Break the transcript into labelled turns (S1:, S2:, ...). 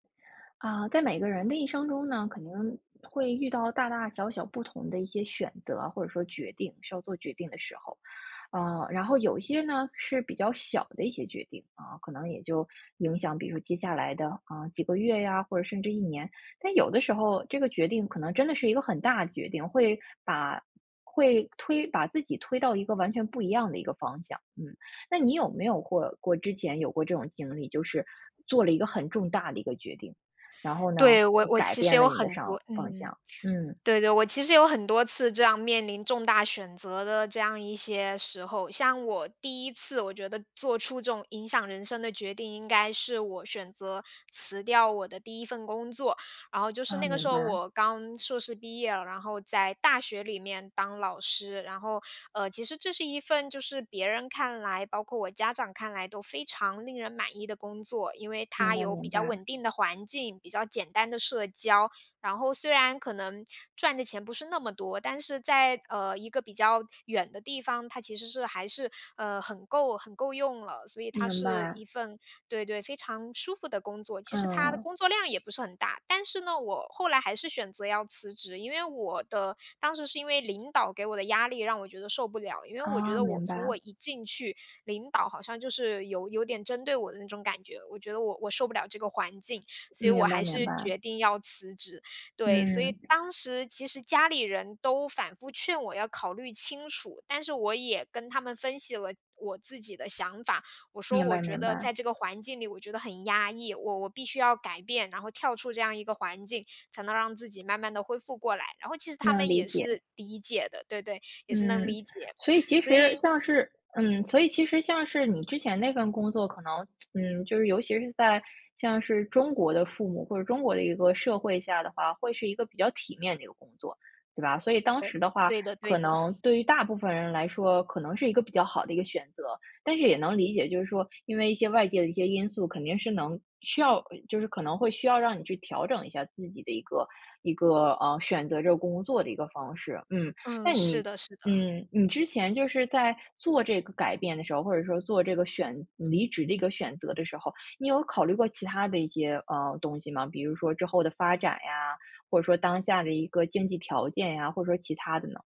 S1: 呃，在每个人的一生中呢，可能会遇到大大小小不同的一些选择，或者说决定需要做决定的时候。啊，然后有些呢，是比较小的一些决定啊，可能也就影响比如接下来的，啊，几个月呀，或者甚至1年。但有的时候，这个决定可能真的是一个很大的决定，会把会推把自己推到一个完全不一样的一个方向，嗯。那你有没有过过之前有过这种经历，就是做了一个很重大的一个决定，然后呢，
S2: 对，我
S1: 就
S2: 我
S1: 改
S2: 其实
S1: 变了
S2: 有
S1: 你的
S2: 很多
S1: 上方
S2: 嗯，
S1: 向，嗯。
S2: 对对，我其实有很多次这样面临重大选择的这样一些时候。像我第1次，我觉得做出这种影响人生的决定，应该是我选择辞掉我的第1份工作。然后就是
S1: 啊，
S2: 那个时
S1: 明
S2: 候，
S1: 白。
S2: 我刚硕士毕业了，然后在大学里面当老师。然后，呃，其实这是一份就是别人看来，包括我家长看来，都非常令人满意的工作。因为
S1: 明
S2: 它
S1: 白
S2: 有比
S1: 明
S2: 较
S1: 白。
S2: 稳定的环境，比较简单的社交。然后虽然可能赚的钱不是那么多，但是在，呃，一个比较远的地方，它其实是还是，呃，很够很够用了，所以它
S1: 明
S2: 是
S1: 白。
S2: 一份对对非常舒服的工作，其实它的
S1: 嗯。
S2: 工作量也不是很大。但是呢，我后来还是选择要辞职，因为我的当时是因为领导给我的压力，让我觉得受不了。因为我觉
S1: 哦，
S2: 得我
S1: 明
S2: 从我
S1: 白。
S2: 一进去，领导好像就是有有点针对我的那种感觉，我觉得我我受不了这个环境，所以我
S1: 明白
S2: 还
S1: 明
S2: 是决
S1: 白。
S2: 定要辞职。对，所以
S1: 嗯。
S2: 当时其实家里人都反复劝我要考虑清楚，但是我也跟他们分析了我自己的想法。我说：
S1: 明
S2: “我
S1: 白
S2: 觉
S1: 明
S2: 得在
S1: 白。
S2: 这个环境里，我觉得很压抑，我我必须要改变，然后跳出这样一个环境，才能让自己慢慢地恢复过来。”然后其实他
S1: 能
S2: 们
S1: 理
S2: 也
S1: 解。
S2: 是理解的，对对，也是能
S1: 嗯，
S2: 理解。
S1: 所以其
S2: 所
S1: 实
S2: 以
S1: 像是嗯，所以其实像是你之前那份工作，可能嗯，就是尤其是在像是中国的父母，或者中国的一个社会下的话，会是一个比较体面的一个工作，对吧？所以当
S2: 呃，
S1: 时的话，
S2: 对的
S1: 可
S2: 对的。
S1: 能对于大部分人来说，可能是一个比较好的一个选择。但是也能理解，就是说因为一些外界的一些因素，肯定是能需要就是可能会需要让你去调整一下自己的一个一个，啊，选择这个工作的一个方式，嗯。那
S2: 嗯，是
S1: 你
S2: 的是的。
S1: 嗯，你之前就是在做这个改变的时候，或者说做这个选离职的一个选择的时候，你有考虑过其他的一些，啊，东西吗？比如说之后的发展呀，或者说当下的一个经济条件呀，或者说其他的呢？